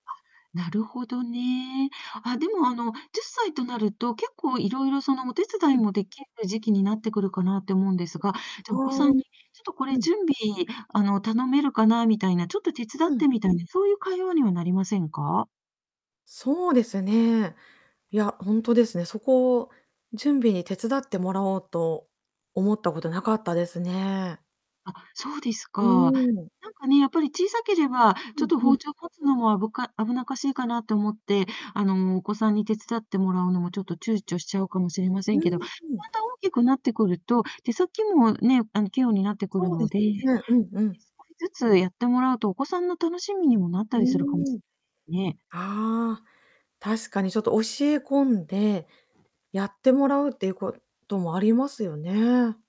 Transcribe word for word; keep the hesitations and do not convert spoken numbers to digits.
あ、なるほどね。あ、でも、あの、じゅっさいとなると、結構いろいろ、その、お手伝ういん。もできる時期になってくるかなって思うんですが、あじゃ、お子さあ、んに「ちょっとこうれん。準備、あの、頼めるかな」みたいな、「ちょっと手伝うっん。て」みたいな、そういう会話にはなりませんか？そうですね。いや、ほんとですね。そこを準備に手伝ってもらおうと思ったことなかったですね。あ、そうですうか。ん。なんかね、やっぱり小さければ、うちょっんとうん。包丁を持つのもあぶか危なっかしいかなって思って、あの、お子さんに手伝ってもらうのも、ちょっと躊躇しちゃうかもしれませうんけんど、まうん。た大きくなってくると、手先もね、あの器用になってくるそうでのすで、ええ、少しね、うんうん。ずつやってもらうと、お子さんの楽しみにもなったうりするかもしーん。れないですね。ああ、確かにちょっと教え込んで、やってもらうっていうこともありますよね。